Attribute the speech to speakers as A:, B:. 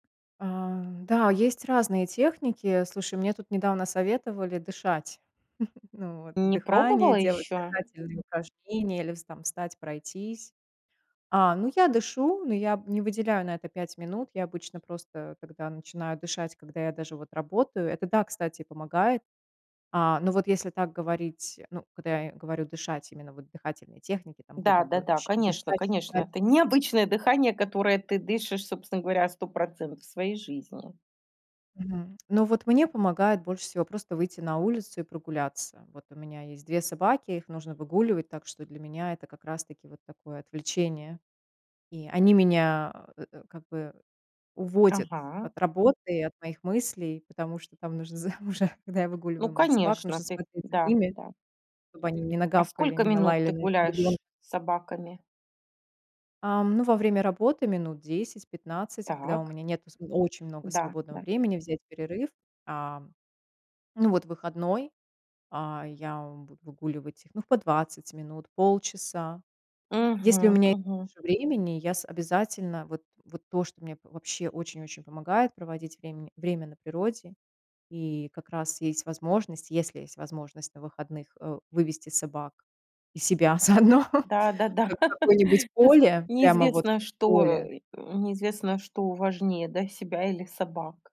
A: А, да, есть разные техники. Слушай, мне тут недавно советовали дышать. Ну вот,
B: Не
A: дыхание,
B: пробовала
A: делать
B: ещё?
A: дыхательные упражнения или вс там встать, пройтись. А, ну, я дышу, но я б не выделяю на это 5 минут. Я обычно просто тогда начинаю дышать, когда я даже вот работаю. Это да, кстати, помогает. А, но вот если так говорить, ну, когда я говорю дышать именно вот дыхательные техники, там, глубоко
B: Да-да-да,
A: щ
B: конечно
A: дышать,
B: конечно.
A: считать
B: Это необычное дыхание, которое ты дышишь, собственно говоря, 100 % своей жизни.
A: Мгм. Но вот мне помогает больше всего просто выйти на улицу и прогуляться. Вот у меня есть 2 собаки, их нужно выгуливать, так что для меня это как раз таки вот такое отвлечение. И они меня, э, как бы уводят
B: Ага.
A: от работы и от моих мыслей, потому что там нужно з уже, когда я
B: Ну,
A: выгуливаю моих собак,
B: конечно,
A: нужно
B: ты
A: смотреть за
B: Да,
A: ними,
B: да.
A: чтобы они не
B: А
A: нагавкали,
B: сколько
A: не
B: минут
A: налаяли
B: ты
A: на ребёнка.
B: гуляешь с собаками?
A: Эм, ну, во время работы минут 10-15, когда у
B: Так.
A: меня нету св очень много
B: Да,
A: свободного
B: да.
A: времени, взять перерыв. Ам, ну, вот выходной, а, я в буду выгуливать их, ну, по 20 минут, полчаса. Если у
B: Мгм,
A: меня
B: мгм.
A: меньше времени, я с обязательно вот вот то, что мне вообще очень-очень помогает проводить врем время на природе, и как раз есть возможность, если есть возможность на выходных, э, вывести собак и себя заодно
B: Да-да-да,
A: в какое-нибудь
B: тут
A: поле, прямо вот
B: неизвестно,
A: в
B: что,
A: поле
B: э, неизвестно, что важнее, да, себя или собак.